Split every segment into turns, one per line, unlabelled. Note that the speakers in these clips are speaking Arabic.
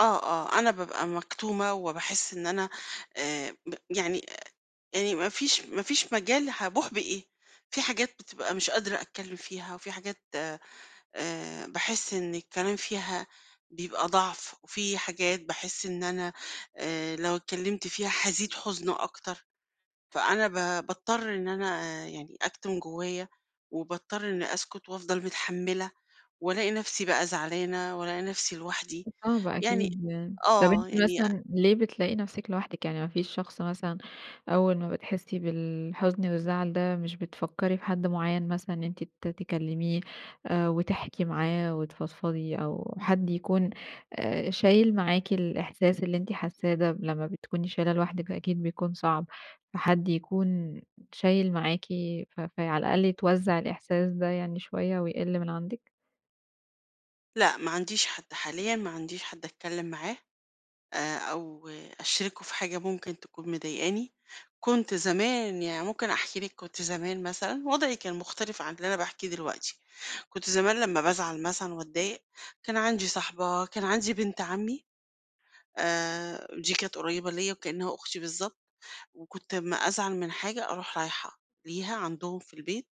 آه، آه، أنا بابقى مكتومة، وباحس إن أنا آآ، ب يعني آآ، يعني ما فيش ما فيش مجال. هابوح بإيه؟ في حاجات بتبقى مش قادرة أتكلم فيها، وفي حاجات آآ، باحس إن الكلام فيها بيبقى ضَعف، وفي حاجات باحس إن أنا آآ، لو اتكلمت فيها هازيد حُزن أكتر. فأنا ب باضطر إن أنا يعني أكتم جوايّا، وباضطر إني أسكت وافضل متحملة، والاقي نفسي بقى زعلانة، والاقي نفسي لوحدي
صعب
يعني
أكيد يعني. طب،
آه،
أنتِ
يعني أ
مثلًا ليه بتلاقي نفسِك لوحدِك؟ يعني ما فيش شخص مثلًا، أول ما بتحسي بالحزن والزعل ده مش بتفكري في حد معيّن مثلًا، إن أنتِ ت تكلميه آآ، وتحكي معاه، وتفضفضي، أو حد يكون آآ، شايل معاكِ الإحساس اللي أنتِ حاساه ده ب لمّا بتكوني شايلاه لوحدِك فأكيد بيكون صعب. فحد يكون شايل معاكِ ف فَي على الأقل يتوزّع الإحساس ده يعني شوية ويقل من عندِك؟
لأ، ما عنديش حد حاليًا. ما عنديش حد اتكلم معاه آآ، أو أشرِكُه في حاجة ممكن تكون مضايقاني. كنت زمان يعني ممكن أحكي لِك كنت زمان مثلًا، وضعي كان مختلف عن اللي أنا باحكيه دلوقتي. كنت زمان لمّا بازعل مثلًا واتضايق، كان عندي صاحبة، كان عندي بنت عمي آآ، دي كانت قريبة ليّا وكإنّها أختي بالضبط، وكنت أمّا أزعل من حاجة أروح رايحة ليها، عندهم في البيت،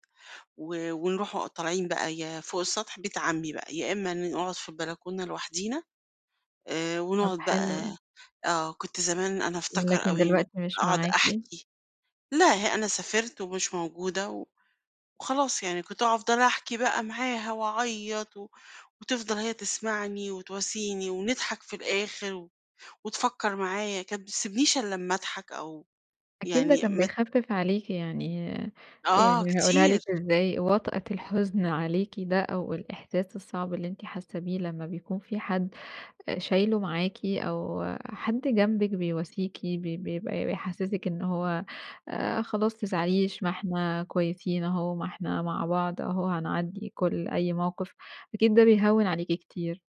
و ونروح أ طالعين بقى. يا فوق السطح بيت عمي بقى، يا إمّا ن نقعُد في البلكونة لوحدينا. آآ،
طب،
ونقعُد
حلو.
بقى آه، كنت زمان أنا أفتكر
لكن
أوي إنّي ك
دلوقتي مش
اقعُد
معاكِ.
أحكي. لأ، ه أنا سافرت ومش موجودة و وخلاص يعني، كنت أفضل أحكي بقى معاها واعيط، و وتفضل هي تسمعني وتواسيني، ونضحك في الآخر و وتفكّر معايّا. كانت ما تسبنيش الّا أمّا اضحك أو
أكيد ده
يعني
كان
مت
بيخفف عليكِ يعني
آه،
يعني هاقولها لِك
كتير.
ازاي، وطأة الحزن عليكِ ده أو الإحساس الصعب اللي أنتِ حاسة بيه لمّا بيكون في حد آآ، شايله معاكِ، أو حد جنبِك بيواسيكِ ب ب بيبقى بيحسسِك إنه هو آآ، خلاص ما تزعليش ما إحنا كويسين أهو، ما إحنا مع بعض أهو، وهنعدّي كل أي موقف أكيد ده بيهوّن عليكِ كتير.